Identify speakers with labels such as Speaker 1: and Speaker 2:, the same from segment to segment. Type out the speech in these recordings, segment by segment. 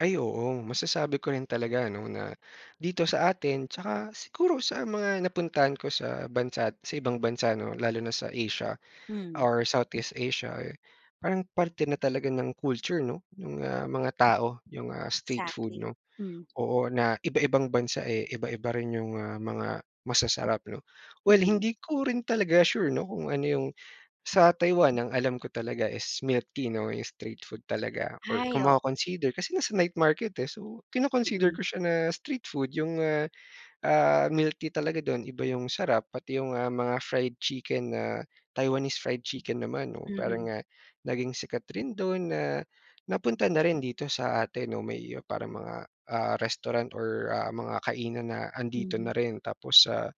Speaker 1: Ay, oo masasabi ko rin talaga, 'no, na dito sa atin tsaka siguro sa mga napuntahan ko sa bansa't sa ibang bansa, 'no, lalo na sa Asia
Speaker 2: Hmm.
Speaker 1: or Southeast Asia, eh, parang parte na talaga ng culture, 'no? Nung, ah, mga tao yung, ah, street food,
Speaker 2: Exactly,
Speaker 1: 'no,
Speaker 2: hmm.
Speaker 1: oo, na iba-ibang bansa, eh, iba-iba rin yung, ah, mga mga masasarap, 'no. Well,
Speaker 2: Hmm.
Speaker 1: hindi ko rin talaga sure, 'no, kung ano yung sa Taiwan ang alam ko talaga is milk tea, 'no, 'yong street food talaga or
Speaker 2: Ay,
Speaker 1: kung
Speaker 2: o
Speaker 1: maco-consider kasi nasa night market, eh. So, kino-consider
Speaker 2: Mm.
Speaker 1: ko siya na street food yung ah, ah, milk tea talaga dun iba yung sarap. Pati yung mga, ah, fried chicken na Taiwanese fried chicken naman, 'no. Parang
Speaker 2: Mhm.
Speaker 1: nga naging sikat rin dun na napunta na rin dito sa atin, no, may parang mga, ah, restaurant or, ah,
Speaker 2: Hmm.
Speaker 1: mga kainan na andito
Speaker 2: Mhm.
Speaker 1: na rin. Tapos sa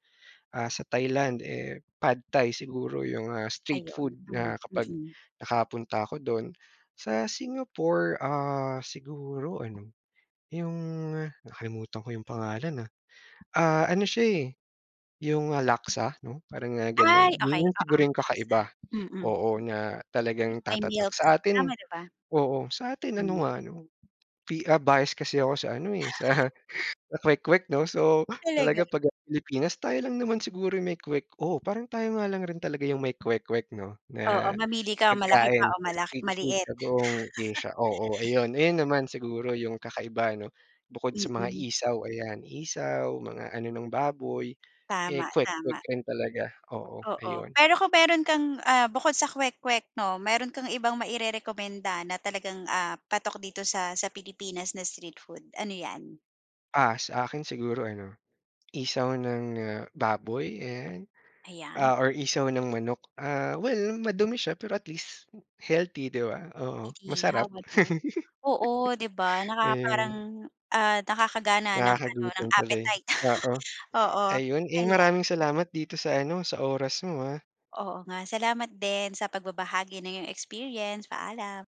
Speaker 1: ah, sa Thailand, eh, Pad Thai siguro yung, ah, street food
Speaker 2: Ayun, hmm,
Speaker 1: na kapag
Speaker 2: mm.
Speaker 1: nakapunta ako dun. Sa Singapore, ah, siguro ano yung nakalimutan ko yung pangalan, ah. Ah, ano siya, eh, yung Laksa, 'no, parang nga
Speaker 2: Ay,
Speaker 1: ganun. 'Yon
Speaker 2: okay
Speaker 1: yung
Speaker 2: oo,
Speaker 1: siguro yung
Speaker 2: Laksa,
Speaker 1: kakaiba
Speaker 2: mm, mm.
Speaker 1: oo, na talagang
Speaker 2: Yung may
Speaker 1: tatatak.
Speaker 2: milk,
Speaker 1: Sa atin
Speaker 2: tama, di ba?
Speaker 1: oo, sa atin
Speaker 2: Hmm.
Speaker 1: ano nga, 'no, pi ah, bias kasi ako sa ano, eh, sa sa kwek-kwek, 'no. So,
Speaker 2: Talaga?
Speaker 1: talaga pag ang Pilipinas tayo lang naman siguro 'yong may kwek oh, parang tayo nga lang rin talaga yung may kwek-kwek, 'no,
Speaker 2: Oo,
Speaker 1: na
Speaker 2: mamili ka malaki ba
Speaker 1: pagkain
Speaker 2: o
Speaker 1: na
Speaker 2: mala
Speaker 1: street food
Speaker 2: maliit?
Speaker 1: sa buong Asia. Oo, ayun, ayun naman siguro yung kakaiba, 'no? Bukod sa mga
Speaker 2: Mm.
Speaker 1: isaw, ayan isaw mga ano ng baboy. Eh,
Speaker 2: Tama,
Speaker 1: kwek-kwek
Speaker 2: tama.
Speaker 1: rin talaga. Oo,
Speaker 2: Oo,
Speaker 1: ayun.
Speaker 2: pero kung meron kang ah, bukod sa kwek-kwek, 'no. Meron kang ibang mairerekomenda na talagang, ah, patok dito sa sa Pilipinas na street food, ano yan?
Speaker 1: Ah, sa akin siguro ano, isaw ng, ah, baboy ayan,
Speaker 2: Ayan.
Speaker 1: ah, or isaw ng manok. Ah, well madumi siya pero at least healthy, di ba? Oo, masarap.
Speaker 2: Inihaw ano, oo, di ba, nakaka parang,
Speaker 1: Ayun.
Speaker 2: ah, nakakagana ng ano ng
Speaker 1: Nakakagutom tuloy,
Speaker 2: appetite.
Speaker 1: oo.
Speaker 2: Oo,
Speaker 1: Ayun, eh,
Speaker 2: ayan.
Speaker 1: maraming salamat dito sa ano sa oras mo, ah.
Speaker 2: Oo nga. Salamat din sa pagbabahagi ng iyong experience, paalam.